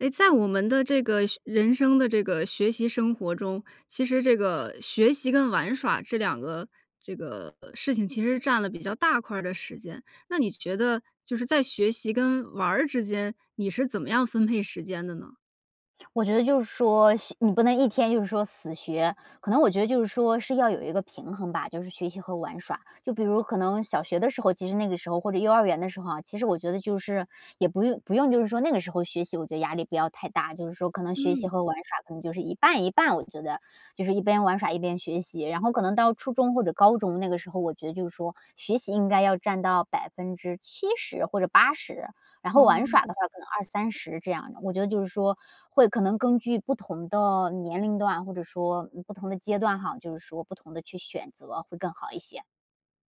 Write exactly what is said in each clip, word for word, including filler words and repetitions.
诶，在我们的这个学人生的这个学习生活中，其实这个学习跟玩耍这两个这个事情其实占了比较大块儿的时间，那你觉得就是在学习跟玩儿之间，你是怎么样分配时间的呢？我觉得就是说学你不能一天就是说死学，可能我觉得就是说是要有一个平衡吧，就是学习和玩耍。就比如可能小学的时候，其实那个时候，或者幼儿园的时候啊，其实我觉得就是也不用不用就是说那个时候学习，我觉得压力不要太大，就是说可能学嗯。习和玩耍可能就是一半一半，我觉得，就是一边玩耍一边学习。然后可能到初中或者高中那个时候，我觉得就是说学习应该要占到百分之七十或者八十，然后玩哦。耍的话，可能二三十这样的，我觉得就是说，会可能根据不同的年龄段，或者说，嗯，不同的阶段哈，就是说不同地去选择会更好一些。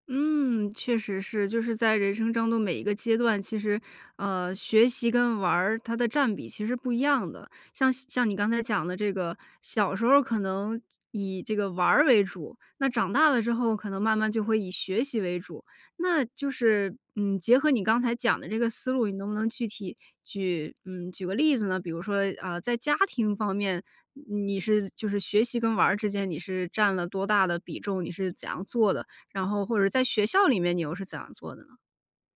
嗯，确实是，就是在人生中的每一个阶段，其实，呃，学习跟玩儿它的占比其实不一样的，像像你刚才讲的这个，小时候儿可能以这个玩儿为主，那长大了之后，可能慢慢就会以学习为主。那就是，嗯，结合你刚才讲的这个思路，你能不能具体举嗯，举个例子呢？比如说啊在家庭方面，你你是就是学习跟玩儿之间，你是占了多大的比重？你是怎样做的？然后或者在学校里面你又是怎样做的呢？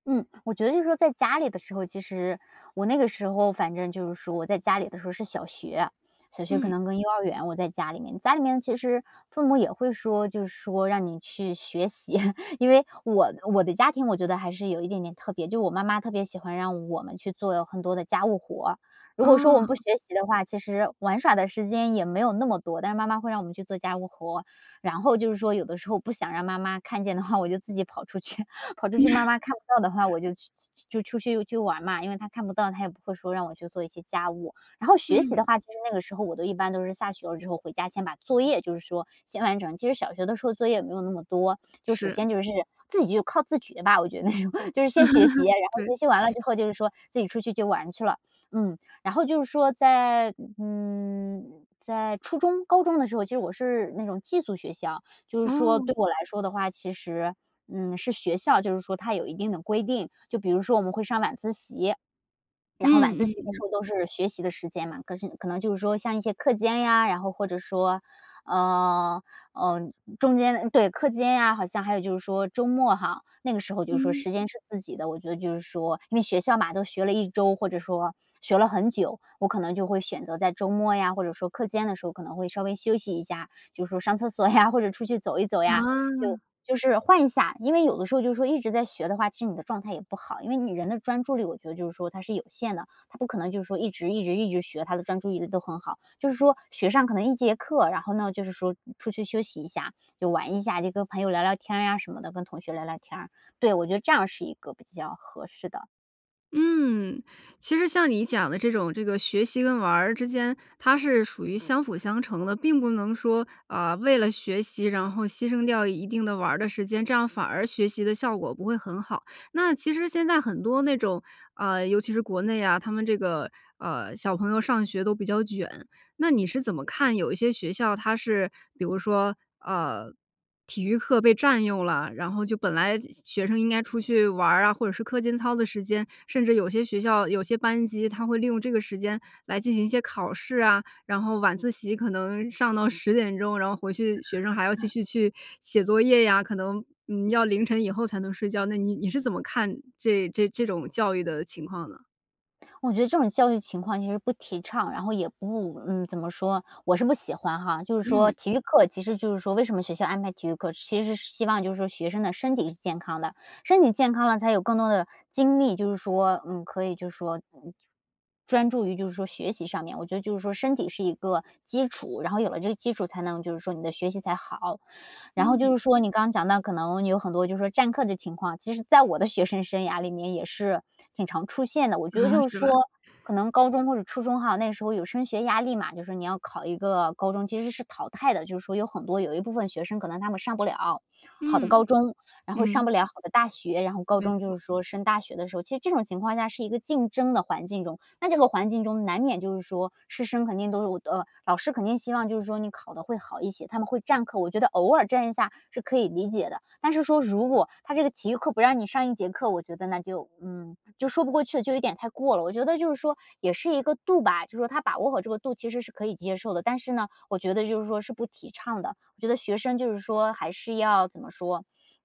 嗯，我觉得就是说在家里的时候其实，我那个时候反正就是说我在家里的时候是小学，小学可嗯。能跟幼儿园，我在家里面。家里面其实父母也会说，就是说让你去学习，因为我我的家庭，我觉得还是有一点点特别，就我妈妈特别喜欢让我们去做很多的家务活。如果说我们不哦。学习的话，其实玩耍的时间也没有那么多，但是妈妈会让我们去做家务活，然后就是说有的时候不想让妈妈看见的话，我就自己跑出去，跑出去妈妈看不到的话，我就去去去就出去去玩嘛，因为她看不到，她也不会说让我去做一些家务。然后学习的嗯。话，其实那个时候我都一般都是下学了之后回家先把作业就是说先完成，其实小学的时候作业也没有那么多，就首是。先就是自己就靠自觉的吧，我觉得那种，就是先学习，然 后对。学习完了之后就是说自己出去就玩去了。嗯，然后就是说在嗯，在初中高中的时候，其实我是那种寄宿学校，就是说哦。对我来说的话，其实嗯，是学校，就是说它有一定的规定，就比如说我们会上晚自习。然后晚嗯自习嗯的嗯。时候都是学习的时间嘛，可是可能就是说像一些课间呀，然后或者说，呃，嗯，中间对，课间呀，好像还有就是说周末哈，那个时候就是说嗯。时间是自己的，我觉得就是说，因为学校嘛，都学了一周，或者说学了很久，我可能就会选择在周末呀，或者说课间的时候，可能会稍微休息一下，就是说上厕所呀，或者出去走一走呀，就啊。就是换一下。因为有的时候就是说一直在学的话，其实你的状态也不好，因为你人的专注力我觉得就是说它是有限的，他不可能就是说一直一直一直学，他的专注力都很好，就是说学上可能一节课，然后呢就是说出去休息一下，就玩一下，就跟朋友聊聊天儿呀什么的，跟同学聊聊天儿，对，我觉得这样是一个比较合适的。嗯，其实像你讲的这种这个学习跟玩儿之间，它是属于相辅相成的。并不能说，啊，为了学习，然后牺牲掉一定的玩儿的时间，这样反而学习的效果不会很好。那其实现在很多那种，呃，尤其是国内啊，他们这个，呃，小朋友上学都比较卷，那你是怎么看有一些学校它是比如说，呃，体育课被占用了，然后就本来学生应该出去玩儿啊，或者是课间操的时间，甚至有些学校有些班级它会利用这个时间来进行一些考试啊，然后晚自习可能上到十点钟，然后回去学生还要继嗯。续去写作业呀，可能，嗯，要凌晨以后才能睡觉。那你你是怎么看这这这种教育的情况呢？我觉得这种教育情况其实不提倡，然后也不嗯，怎么说，我是不喜欢哈。就是说嗯。体育课，其实就是说为什么学校安排体育课，其实是希望就是说学生的身体是健康的。身体健康了，才有更多的精力，就是说嗯，可以就是说专注于就是说学习上面。我觉得就是说身体是一个基础，然后有了这个基础才能，就是说你的学习才好。然后就嗯。是说你刚讲到可能有很多就是占课的情况，其实在我的学生生涯里面也是挺常出现的，我觉得啊，就是是吧？说可能高中或者初中哈，那时候有升学压力嘛，就是说你要考一个高中，其实是淘汰的，就是说有很多有一部分学生可能他们上不了好的高嗯，中，然后上嗯。不了好的大学。然后高没中就错。是说升大学的时候，其实这种情况下是一个竞争的环境中，那这个环境中难免就是说师生肯定都，老师肯定希望就是说你考得会好一些，他们会占课。我觉得偶尔占一下是可以理解的，但是说如果他这个体育课不让你上一节课，我觉得那就，嗯，就说不过去，就有点太过了。我觉得就是说也是一个度吧，就是说他把握好这个度其实是可以接受的，但是呢，我觉得就是说是不提倡的，我觉得学生就是说还是要怎么说，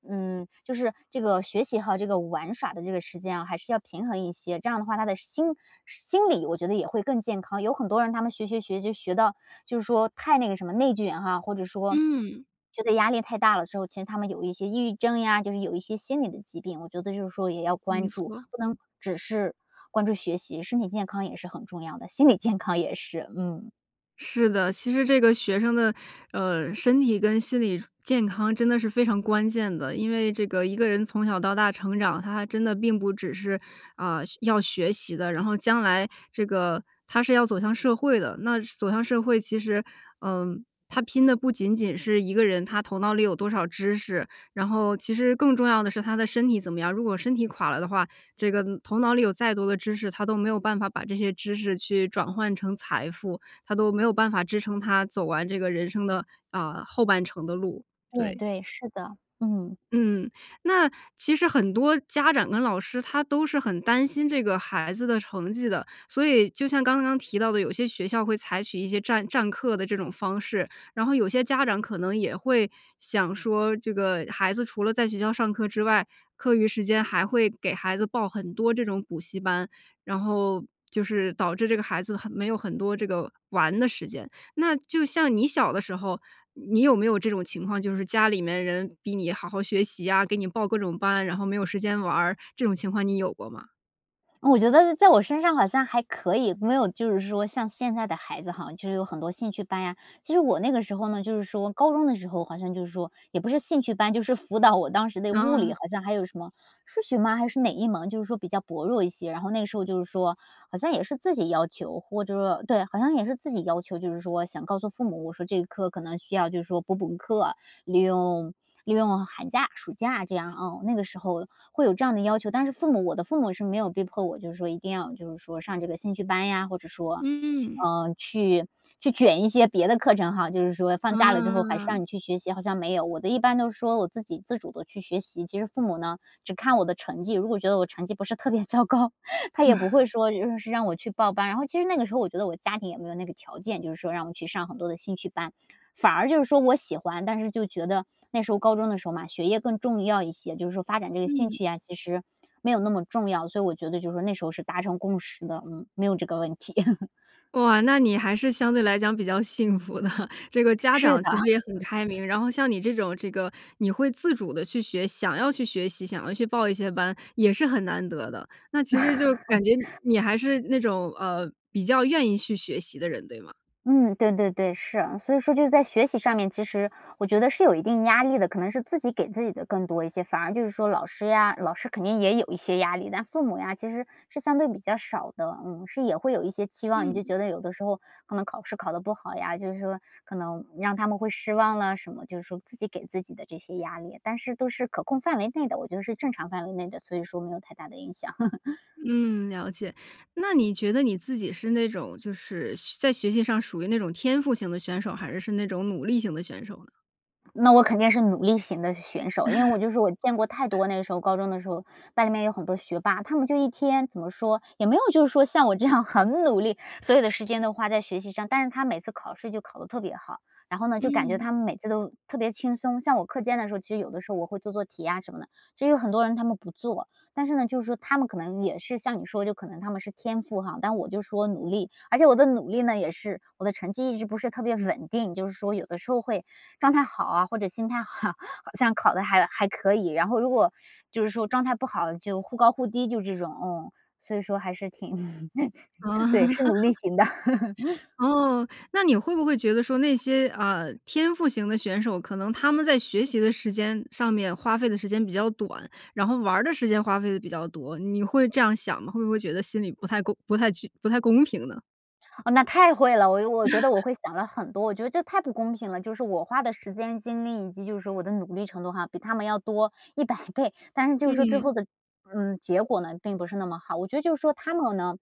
嗯，就是这个学习和这个玩耍的这个时间啊，还是要平衡一些。这样的话他的心心理我觉得也会更健康，有很多人他们学，学，学就学到就是说太那个什么内卷哈，或者说，嗯。觉得压力太大了之后，其实他们有一些抑郁症呀，就是有一些心理的疾病，我觉得就是说也要关没注。错。不能只是关注学习，身体健康也是很重要的，心理健康也是，嗯。是的，其实这个学生的，呃，身体跟心理健康真的是非常关键的，因为这个一个人从小到大成长，他还真的并不只是，啊，学要学习的，然后将来这个他是要走向社会的。那走向社会，其实，嗯，他拼的不仅仅是一个人他头脑里有多少知识，然后其实更重要的是他的身体怎么样。如果身体垮了的话，这个头脑里有再多的知识，他都没有办法把这些知识去转换成财富，他都没有办法支撑他走完这个人生的，啊，后半程的路。对对。对，是的，嗯。嗯，那其实很多家长跟老师他都是很担心这个孩子的成绩的，所以就像刚刚提到的，有些学校会采取一些占占课的这种方式。然后有些家长可能也会想说，这个孩子除了在学校上课之外，课余时间还会给孩子报很多这种补习班，然后就是导致这个孩子很没有很多这个玩的时间，那就像你小的时候，你有没有这种情况？就是家里面人逼你好好学习呀，给你报各种班，然后没有时间玩儿，这种情况你有过吗？我觉得在我身上好像还可以，没有就是说像现在的孩子哈，就是有很多兴趣班呀。其实我那个时候呢，就是说，高中的时候好像就是说，也不是兴趣班，就是辅导我当时的物理，啊。好像还有什么，数学吗，还是哪一门，就是说比较薄弱一些。然后那个时候就是说，好像也是自己要求，我就是说，对，好像也是自己要求，就是说想告诉父母，我说这一科可能需要就是说补补课，利用利用寒假暑假这样，嗯，那个时候会有这样的要求，但是父母我的父母是没有逼迫我，就是说一定要就是说上这个兴趣班呀，或者说嗯。呃，去去卷一些别的课程哈，就是说放假了之后还是让啊。你去学习，好像没有，我的一般都是说我自己自主地去学。其实父母呢，只看我的成绩，如果觉得我成绩不是特别糟糕，他也不 会说就是让我去报班，然后其实那个时候我觉得我家庭也没有那个条件，就是说让我去上很多的兴趣班，反而就是说我喜欢，但是就觉得那时候高中的时候嘛，学业更重要一些，就是说发展这个兴嗯。趣呀，其实没有那么重要，所以我觉得就是说那时候是达成共识的，嗯，没有这个问题。哇，那你还是相对来讲比较幸福的，这个家是长的。其实也很开 明。然后像你这种这个你会自主地去学，想要去学习，想要去报一些班，也是很难得的，那其实就感觉 你还是那种，呃，比较愿意去学习的人，对吗？嗯，对对对，是，所以说就在学习上面，其实我觉得是有一定压力的，可能是自己给自己的更多一些，反而就是说老师呀，老师肯定也有一些压力，但父母呀其实是相对比较少的，嗯。是也会有一些期望，你就嗯。觉得有的时候可能考试考得不好呀，就是说可能让他们会失望了什么，就是说自己给自己的这些压力，但是都是可控范围内的，我觉得是正常范围内的，所以说没有太大的影响。嗯，了解，那你觉得你自己是那种，就是学在学习上属于那种天赋型的选手，还是是那种努力型的选手呢？那我肯定是努力型的选手，因为我就是我见过太 多那个时候-高中的时候-班里面有很多学霸。他们就一天怎么说，也没有就是说像我这样很努力，所有的时间都花在学习上，但是他每次考试就考得特别好，然后呢，就感觉嗯。他们每次都特别轻松。像我课间的时候，其实有的时候我会做做题呀什么的，其实有很多人他们不做，但是呢，就是说他们可能也是像你说的就可能他们是天赋哈，但我就是说努力。而且我的努力呢也是我的成绩一直不是特别稳定，就是说有的时候会状态好啊，或者心态好，好像考的还还可以，然后如果就是说状态不好，就忽高忽低就这种，嗯。所以说还是挺啊。对，是努力 型的。哦，那你会不会觉得说那些，啊，天赋型的选手，可能他们在学习的时间上面花费的时间比较短，然后玩儿的时间花费得比较多，你会这样想吗？会不会觉得心里不太公不太具不太公平呢？哦，那太会了，我我觉得我 会想了很多，我觉得这太不公平了。就是我花的时间精力以及就是我的努力程度哈，比他们要多一百倍，但是就是说最嗯。后的，嗯，结果呢并不是那么好。我觉得就是说他们呢，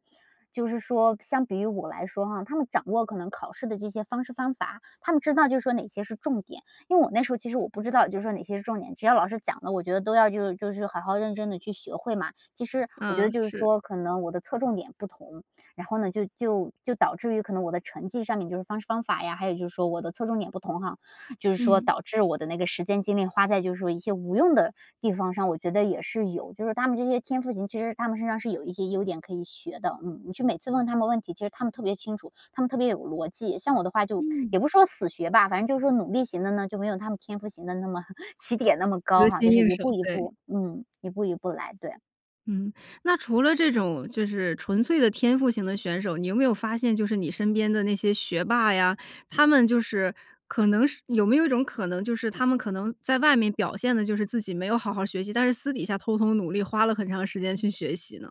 就是说相比于我来说哈，他们掌握可能考试的这些方式方法，他们知道就是说哪些是重点。因为我那时候其实我不知道就是说哪些是重点，只要老师讲的，我觉得都要就是就是好好认真地去学会嘛，其实我觉嗯，得就是是。说可能我的侧重点不同，然后呢就就就导致于可能我的成绩上面就是方式方法呀，还有就是说我的侧重点不同哈。就是说嗯。导致我的那个时间精力花在就是说一些无用的地方上，我觉得也是有。就是他们这些天赋型，其实他们身上是有一些优点可以学的，嗯。你去每次问他们问题，其实他们特别清楚，他们特别有逻辑，像我的话就嗯。也不说死学吧，反正就是说努力型的呢，就没有他们天赋型的那么起点那么高得哈，心就是应一手，步一对。步，嗯，一步一步来，对。嗯，那除了这种就是纯粹的天赋型的选手，你有没有发现就是你身边的那些学霸呀，他们就是可能是有没有一种可能，就是他们可能在外面表现得就是自己没有好好学习，但是私底下偷偷努力花了很长时间去学习呢？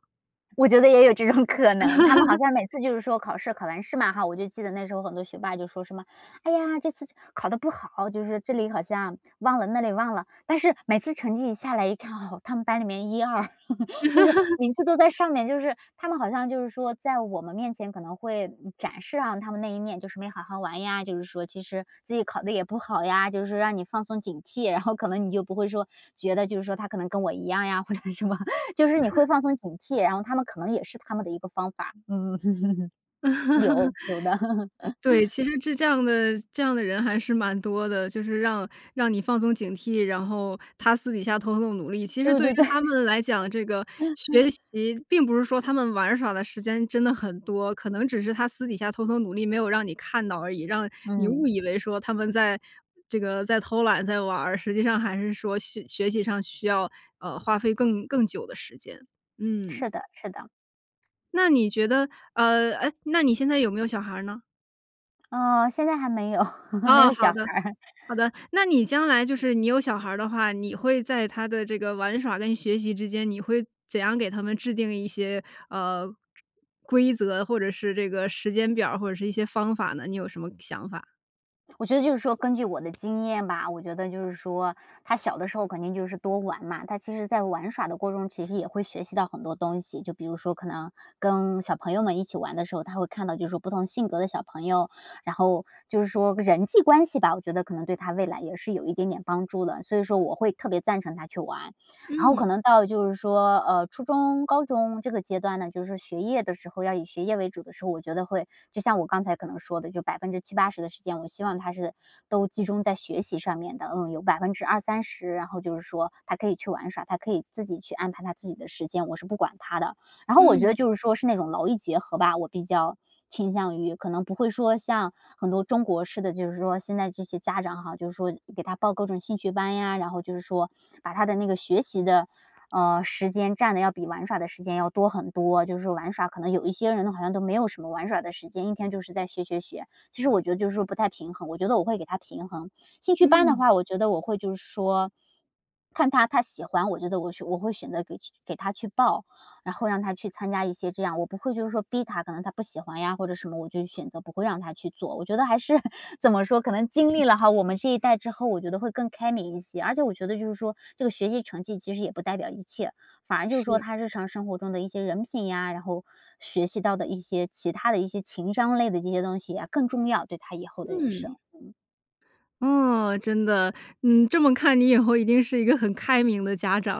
我觉得也有这种可能，他们好 像每次就是说考试考完试嘛哈，我就记得那时候很多学霸就说什么：”哎呀，这次考得不好。“就是这里好像忘了，那里忘了，但是每次成绩一下来一看，哦，他们班里面一二。就是每次都在 上面，就是他们好像就是说在我们面前可能会，嗯，展示上他们那一面就是没好好玩呀，就是说其实自己考得 也不好呀，就是让你放松警惕，然后可能你就不会说觉得就是说他可能跟我一样呀，或者什么，就是你会 放松警惕，然后他们可能也是他们的一个方法。有 有的。对，其 实这这样的这样的人还是蛮多的，就是让让你放松警惕，然后他私底下偷偷努力，其实对对于对对。他们来讲，这个学 习并不是说他们玩耍的时间真的很多，可能只是他私底下偷偷努力，没有让你看到而已，让你误嗯。以为说他们在这个在偷懒在玩儿，实际上还是说学学习上需要，呃，花费更更久的时间。嗯。是的，是的。那你觉得，呃哎，那你现在有没有小孩儿呢？呃，现在还没有，没哦，有好小的，孩儿。好的，那你将来就是你有小孩儿的话，你会在他的这个玩耍跟学习之间，你会怎样给他们制定一些，呃规则，或者是这个时间表儿，或者是一些方法呢？你有什么想法？我觉得就是说根据我的经验吧，我觉得就是说，他小的时候肯定就是多玩嘛，他其实在玩耍的过程中其实也会学习到很多东西。就比如说可能跟小朋友们一起玩的时候，他会看到就是说不同性格的小朋友，然后就是说人际关系吧，我觉得可能对他未来也是有一点点帮助的，所以说我会特别赞成他去玩。然后嗯。可能到就是说呃初中高中这个阶段呢，就是说学业的时候，要以学业为主的时候，我觉得会就像我刚才可能说的就百分之七八十的时间，我希望他是都集中在学习上面的，嗯，有百分之二三十，然后就是说他可以去玩耍，他可以自己去安排他自己的时间，我是不管他的。然后我觉得嗯。就是说是那种劳逸结合吧，我比较倾向于。可能不会说像很多中国式的，就是说现在这些家长哈，就是说给他报各种兴趣班呀，然后就是说把他的那个学习的呃时间占得要比玩耍的时间要多很多，就是说玩耍，可能有一些人好像都没有什么玩耍的时间，一天就是在学，学，学，其实我觉得就是说不太平衡，我觉得我会给他平衡。兴趣班的嗯。话，我觉得我会就是说，看他他喜欢，我觉得我选我会选择给给他去报，然后让他去参加一些这样，我不会就是说逼他，可能他不喜欢呀或者什么，我就选择不会让他去做，我觉得还是怎么说，可能经嗯。历了哈我们这一代之后，我觉得会更开明一些。而且我觉得就是说，这个学习成绩其实也不代表一切，反而就是说是。他日常生活中的一些人品呀，然后学习到的一些其他的一些情商类的这些东西呀，更重要，对他以后的人嗯。生。嗯。哦，真的，嗯，这么看你以后一定是一个很开明的家长。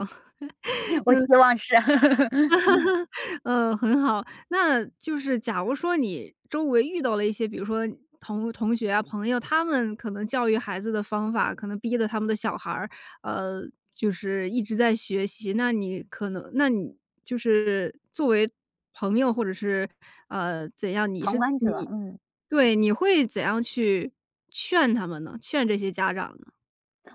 我希 嗯。望是。呃，很好。那就是假如说你周围遇到了一些，比如说同同学啊、朋友，他们可能教育孩子的方法，可能逼得他们的小孩儿，呃，就是一直在学习，那你可能那你就是作为朋友或者是呃怎样，你是旁观者，你嗯。对，你会怎样去劝他们呢？劝这些家长呢？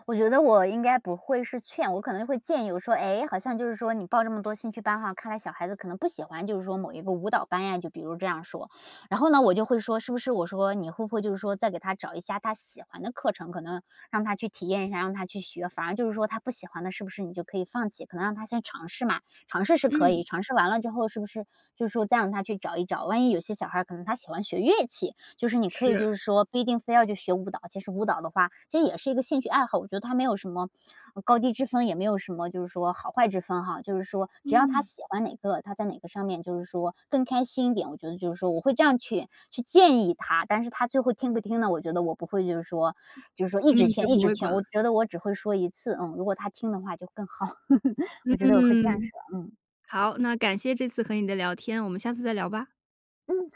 我觉得我应该不会是劝，我可能就会建议我说，哎，好像就是说你报这么多兴趣班哈，看来小孩子可能不喜欢就是说某一个舞蹈班呀，就比如这样说。然后呢我就会说，是不是我说你会不会就是说再给他找一下他喜欢的课程，可能让他去体验一下，让他去学，反而就是说他不喜欢的是不是你就可以放弃？可能让他先尝试嘛，尝试是可嗯。以，尝试完了之后是不是就是说再让他去找一找，万一有些小孩儿可能他喜欢学乐器，就是你可以就是。是说不一定非要去学舞蹈，其实舞蹈的话，这也是一个兴趣爱好，我觉得它没有什么呃高低之分，也没有什么就是说好坏之分哈，就是说只要他嗯。喜欢哪个，他在哪个上面就是说更开心一点，我觉得就是说我会这样去去建议他。但是他最后听不听呢，我觉得我不会就是说就是说一直嗯，就劝一不直会管劝，了。我觉得我只会说一次，嗯，如果他听的话就更好，我觉得我会这样嗯。说。嗯。好，那感谢这次和你的聊天，我们下次再聊吧。嗯，好。